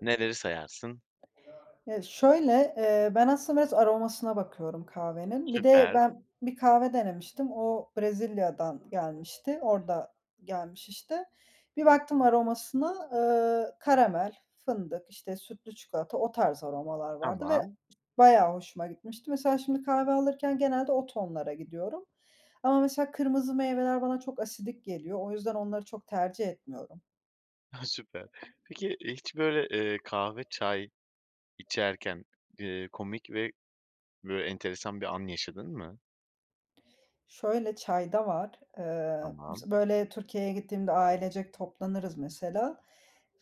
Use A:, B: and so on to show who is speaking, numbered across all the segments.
A: Neleri sayarsın?
B: E, şöyle, eee, ben aslında biraz aromasına bakıyorum kahvenin. Bir de
A: Süper.
B: ben bir kahve denemiştim. O Brezilya'dan gelmişti, orada gelmiş işte. Bir baktım aromasına, eee, karamel, fındık, işte, sütlü çikolata, o tarz aromalar vardı ve
A: Tamam.
B: bayağı hoşuma gitmişti. Mesela şimdi kahve alırken genelde o tonlara gidiyorum. Ama mesela kırmızı meyveler bana çok asidik geliyor, o yüzden onları çok tercih etmiyorum.
A: Ha, süper. Peki, hiç böyle, eee, kahve çay içerken, eee, komik ve böyle enteresan bir an yaşadın mı?
B: Şöyle, çay da var. Eee,
A: Tamam.
B: b böyle Türkiye'ye gittiğimde ailecek toplanırız, mesela.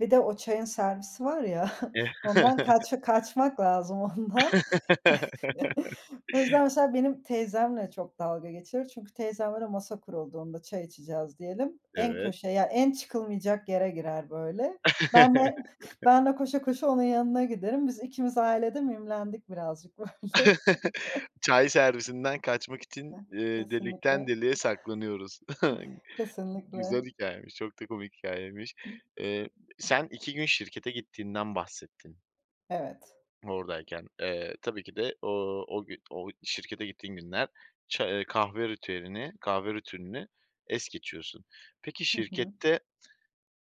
B: Bir de o çayın servisi var ya, ondan kaç kaçmak lazım, ondan. O yüzden, mesela, benim teyzemle çok dalga geçilir çünkü teyzemle de masa kurulduğunda, çay içeceğiz diyelim, en
A: Evet.
B: köşeye, yani, en çıkılmayacak yere girer böyle. Ben de, ben de koşa koşa onun yanına giderim. Biz ikimiz ailede mimlendik birazcık böyle.
A: Çay servisinden kaçmak için,
B: Eh,
A: eee, delikten
B: kesinlikle.
A: deliğe saklanıyoruz. Güzel
B: Kesinlikle.
A: hikâyeymiş, çok da komik hikâyeymiş. Eee, sen 2 gün şirkete gittiğinden bahsettin.
B: Evet.
A: Oradayken. Eee, tabii ki de o o gü o şirkete gittiğin günler ça eee, kahve ritüelini kahve ritüelini es geçiyorsun. Peki,
B: Hı hı.
A: şirkette,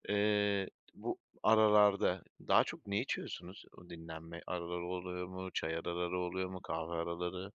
A: eee, bu aralarda daha çok ne içiyorsunuz? Dinlenme araları oluyor mu? Çay araları oluyor mu? Kahve araları?